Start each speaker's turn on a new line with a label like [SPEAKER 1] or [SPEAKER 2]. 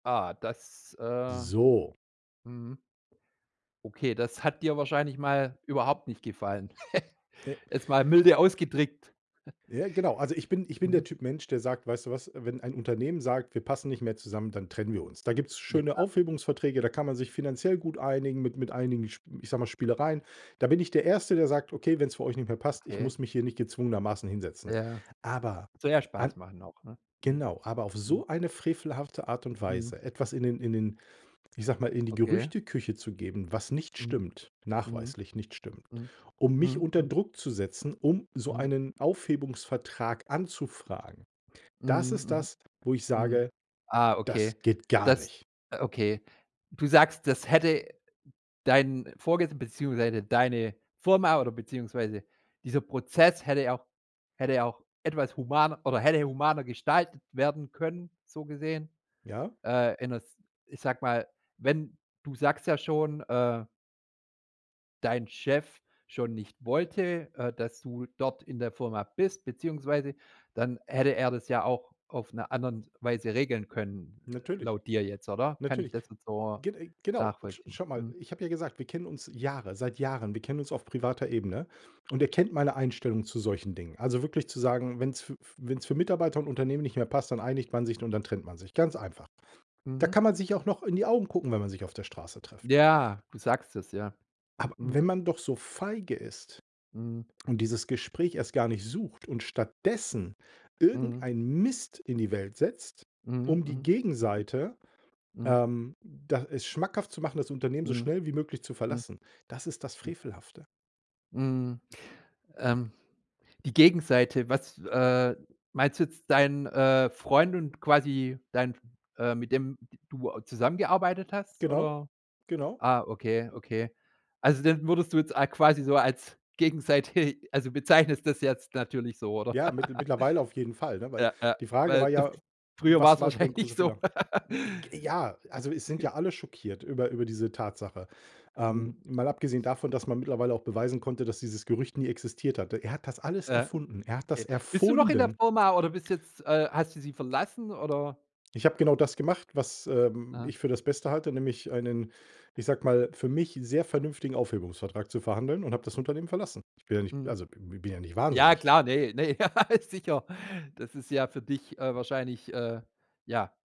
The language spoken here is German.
[SPEAKER 1] Ah, das, äh
[SPEAKER 2] So.
[SPEAKER 1] mhm. Okay, das hat dir wahrscheinlich mal überhaupt nicht gefallen.
[SPEAKER 2] E
[SPEAKER 1] Jetzt mal milde ausgedrückt.
[SPEAKER 2] Ja, genau. Also, ich bin ich bin der
[SPEAKER 1] Mhm.
[SPEAKER 2] Typ Mensch, der sagt: „Weißt du was? Wenn ein Unternehmen sagt, wir passen nicht mehr zusammen, dann trennen wir uns.“ Da gibt's
[SPEAKER 1] Ja.
[SPEAKER 2] schöne Aufhebungsverträge, da kann man sich finanziell gut einigen mit mit einigen, sch ich sage mal, Spielereien. Da bin ich der 1. der sagt: „Okay, wenn's für euch nicht mehr passt, ich
[SPEAKER 1] Okay.
[SPEAKER 2] muss mich hier nicht gezwungenermaßen hinsetzen.“
[SPEAKER 1] Ja.
[SPEAKER 2] Aber
[SPEAKER 1] Soll ja
[SPEAKER 2] an
[SPEAKER 1] Spaß machen auch, ne? Mhm.
[SPEAKER 2] genau, aber auf
[SPEAKER 1] Mhm.
[SPEAKER 2] so eine frevelhafte Art und
[SPEAKER 1] Mhm.
[SPEAKER 2] Weise etwas in den in den ich sage mal, in die
[SPEAKER 1] Okay.
[SPEAKER 2] Gerüchteküche zu geben, was nicht
[SPEAKER 1] Mhm.
[SPEAKER 2] stimmt,
[SPEAKER 1] Mhm.
[SPEAKER 2] nachweislich nicht stimmt,
[SPEAKER 1] Mhm.
[SPEAKER 2] um mich
[SPEAKER 1] Mhm,
[SPEAKER 2] unter
[SPEAKER 1] mhm.
[SPEAKER 2] Druck zu setzen, um so
[SPEAKER 1] Mhm.
[SPEAKER 2] einen Aufhebungsvertrag anzufragen, das ist
[SPEAKER 1] Mhm,
[SPEAKER 2] das, wo ich
[SPEAKER 1] mhm. Mhm.
[SPEAKER 2] sage:
[SPEAKER 1] Ah,
[SPEAKER 2] „Das
[SPEAKER 1] okay.
[SPEAKER 2] geht gar
[SPEAKER 1] Das
[SPEAKER 2] nicht.“
[SPEAKER 1] äh, okay. Du sagst, das hätte dein Vorges beziehungsweise deine Firma oder beziehungsweise dieser Prozess hätte ja auch hätte ja auch etwas humaner oder hätte humaner gestaltet werden können, so gesehen.
[SPEAKER 2] Ja?
[SPEAKER 1] Äh, in 'ner s ich sage mal, wenn du sagst ja schon, äh dein Chef schon nicht wollte, äh, dass du dort in der Firma bist beziehungsweise dann hätte er das ja auch auf 'ner anderen Weise regeln können
[SPEAKER 2] Natürlich.
[SPEAKER 1] laut dir jetzt, oder? Kann ich
[SPEAKER 2] Natürlich.
[SPEAKER 1] das jetzt so
[SPEAKER 2] Gen äh, genau, sch
[SPEAKER 1] nachvollziehen?
[SPEAKER 2] schau mal,
[SPEAKER 1] Mhm.
[SPEAKER 2] ich habe ja gesagt, wir kennen uns Jahre seit Jahren. Wir kennen uns auf privater Ebene und er kennt meine Einstellung zu solchen Dingen. Also, wirklich zu sagen, wenn's f f wenn's für Mitarbeiter und Unternehmen nicht mehr passt, dann einigt man sich und dann trennt man sich, ganz einfach. Da
[SPEAKER 1] Mhm.
[SPEAKER 2] kann man sich auch noch in die Augen gucken, wenn man sich auf der Straße trifft.
[SPEAKER 1] Ja, du sagst es, ja.
[SPEAKER 2] Aber wenn
[SPEAKER 1] Mhm.
[SPEAKER 2] man doch so feige ist
[SPEAKER 1] Mhm.
[SPEAKER 2] und dieses Gespräch erst gar nicht sucht und stattdessen
[SPEAKER 1] Mhm.
[SPEAKER 2] irgendeinen Mist in die Welt setzt,
[SPEAKER 1] Mhm,
[SPEAKER 2] um die
[SPEAKER 1] mhm. Hm.
[SPEAKER 2] Gegenseite,
[SPEAKER 1] Mhm.
[SPEAKER 2] ähm da es schmackhaft zu machen, das Unternehmen so
[SPEAKER 1] Mhm.
[SPEAKER 2] schnell wie möglich zu
[SPEAKER 1] Mhm.
[SPEAKER 2] verlassen, das ist das
[SPEAKER 1] Hm.
[SPEAKER 2] Frevelhafte.
[SPEAKER 1] Mhm. Ähm, die Gegenseite was, äh meinst du jetzt deinen, äh, Freund und quasi dein äh, mit dem d du auch zusammengearbeitet hast
[SPEAKER 2] Genau,
[SPEAKER 1] oder?
[SPEAKER 2] genau.
[SPEAKER 1] Ah, okay, okay. Also, den würdest du jetzt a quasi so als gegenseitig also, bezeichnest das jetzt natürlich so, oder?
[SPEAKER 2] Ja, mittl mittlerweile auf jeden Fall, ne, weil
[SPEAKER 1] Ja, ja.
[SPEAKER 2] die Frage war
[SPEAKER 1] Weil
[SPEAKER 2] ja:
[SPEAKER 1] früher war
[SPEAKER 2] „Was
[SPEAKER 1] es
[SPEAKER 2] war dein
[SPEAKER 1] wahrscheinlich
[SPEAKER 2] großer
[SPEAKER 1] so.
[SPEAKER 2] Fehler?“ J j g ja, also, es sind ja alle schockiert über über diese Tatsache.
[SPEAKER 1] Mhm.
[SPEAKER 2] Ähm, mal abgesehen davon, dass man mittlerweile auch beweisen konnte, dass dieses Gerücht nie existiert hatte. Er hat das alles
[SPEAKER 1] Ja.
[SPEAKER 2] erfunden. Er hat das
[SPEAKER 1] Okay. Bist du noch in der
[SPEAKER 2] erfunden.
[SPEAKER 1] Firma oder bist jetzt, äh hast du sie verlassen oder?
[SPEAKER 2] Ich habe genau das gemacht, was, ähm,
[SPEAKER 1] Aha.
[SPEAKER 2] ich für das Beste halte, nämlich einen, ich sage mal, für mich sehr vernünftigen Aufhebungsvertrag zu verhandeln und habe das Unternehmen verlassen. Ich bin ja nicht
[SPEAKER 1] Mhm.
[SPEAKER 2] also, b bin ja nicht
[SPEAKER 1] Ja
[SPEAKER 2] wahnsinnig.
[SPEAKER 1] klar, ne, ne, ja, sicher. Das ist ja für dich, äh, wahrscheinlich, äh ja.